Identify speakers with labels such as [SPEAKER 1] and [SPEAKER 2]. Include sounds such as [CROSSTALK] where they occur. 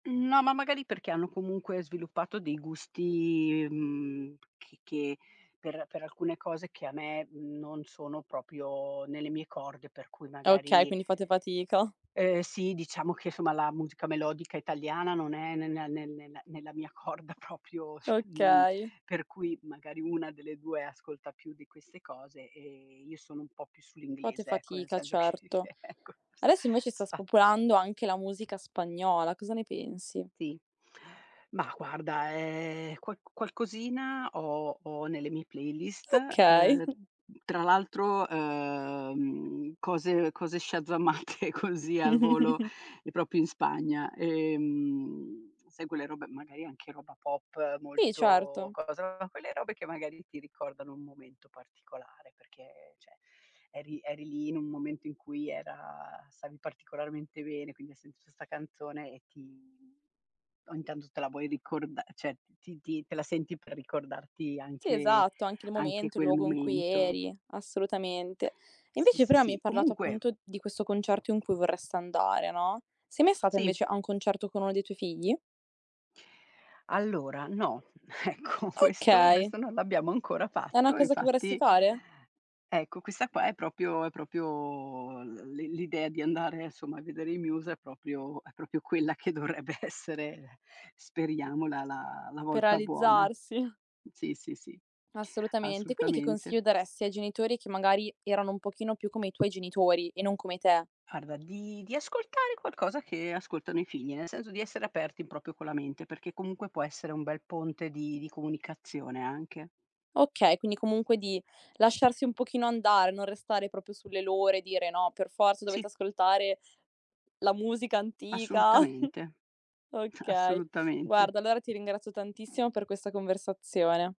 [SPEAKER 1] No, ma magari perché hanno comunque sviluppato dei gusti, mhmm, che che per per alcune cose che a me non sono proprio nelle mie corde, per cui
[SPEAKER 2] Okay,
[SPEAKER 1] magari
[SPEAKER 2] quindi fate fatica.
[SPEAKER 1] Eh sì, diciamo che, insomma la musica melodica italiana, non è ne nea ne ne nella mia corda proprio cioè, mhmm
[SPEAKER 2] Okay.
[SPEAKER 1] per cui magari 1 delle 2 ascolta più di queste cose e io sono un po' più
[SPEAKER 2] Fate
[SPEAKER 1] sull'inglese ecco, nel
[SPEAKER 2] fatica
[SPEAKER 1] senso che
[SPEAKER 2] certo.
[SPEAKER 1] che ecco s
[SPEAKER 2] Adesso invece sta
[SPEAKER 1] spazio
[SPEAKER 2] spopolando anche la musica spagnola, cosa ne pensi?
[SPEAKER 1] Sì. Ma guarda, ehm, qual qualcosina ho ho nelle mie playlist, ehm,
[SPEAKER 2] Okay. [CHUCKLES]
[SPEAKER 1] mhmm, tra l'altro, ehm, cose cose shazzamate così al volo
[SPEAKER 2] [CHUCKLES]
[SPEAKER 1] proprio in Spagna. Ehm, sai quelle robe magari anche roba pop
[SPEAKER 2] Sì,
[SPEAKER 1] molto
[SPEAKER 2] certo.
[SPEAKER 1] cosa quelle robe che magari ti ricordano un momento particolare, perché cioè eri eri lì in un momento in cui era stavi particolarmente bene, quindi hai sentito sta canzone e ti o intanto te la vuoi ricorda cioè ti ti te la senti per ricordarti
[SPEAKER 2] Sì,
[SPEAKER 1] anche
[SPEAKER 2] esatto. Anche il
[SPEAKER 1] anche
[SPEAKER 2] momento, il
[SPEAKER 1] quel
[SPEAKER 2] luogo in cui
[SPEAKER 1] momento.
[SPEAKER 2] eri; assolutamente.
[SPEAKER 1] Sì,
[SPEAKER 2] Invece
[SPEAKER 1] sì,
[SPEAKER 2] però mi hai
[SPEAKER 1] sì.
[SPEAKER 2] parlato
[SPEAKER 1] Comunque
[SPEAKER 2] appunto di questo concerto in cui vorresti andare, no: sei mai stata
[SPEAKER 1] Sì.
[SPEAKER 2] invece a un concerto con uno dei tuoi figli?
[SPEAKER 1] Allora no, ecco questo
[SPEAKER 2] Okay.
[SPEAKER 1] questo non l'abbiamo ancora
[SPEAKER 2] È una
[SPEAKER 1] fatto e
[SPEAKER 2] cosa che vorresti
[SPEAKER 1] infatti
[SPEAKER 2] fare?
[SPEAKER 1] Ecco, questa qua è proprio è proprio l l'i l'idea di andare, insomma, a vedere i Muse è proprio è proprio quella che dovrebbe essere speriamo la la la
[SPEAKER 2] Per
[SPEAKER 1] volta buona.
[SPEAKER 2] realizzarsi.
[SPEAKER 1] Sì, sì, sì,
[SPEAKER 2] Assolutamente. Quindi che
[SPEAKER 1] assolutamente.
[SPEAKER 2] consiglio daresti ai genitori che magari erano un pochino più come i tuoi genitori e non come te?
[SPEAKER 1] Guarda di di ascoltare qualcosa che ascoltano i figli, nel senso di essere aperti proprio con la mente, perché comunque può essere un bel ponte di di comunicazione anche.
[SPEAKER 2] Okay, quindi comunque di lasciarsi un pochino andare, non restare proprio sulle loro e dire: "No, per forza dovete
[SPEAKER 1] Sì.
[SPEAKER 2] ascoltare la musica antica."
[SPEAKER 1] Assolutamente.
[SPEAKER 2] Okay.
[SPEAKER 1] Assolutamente.
[SPEAKER 2] Guarda allora ti ringrazio tantissimo per questa conversazione.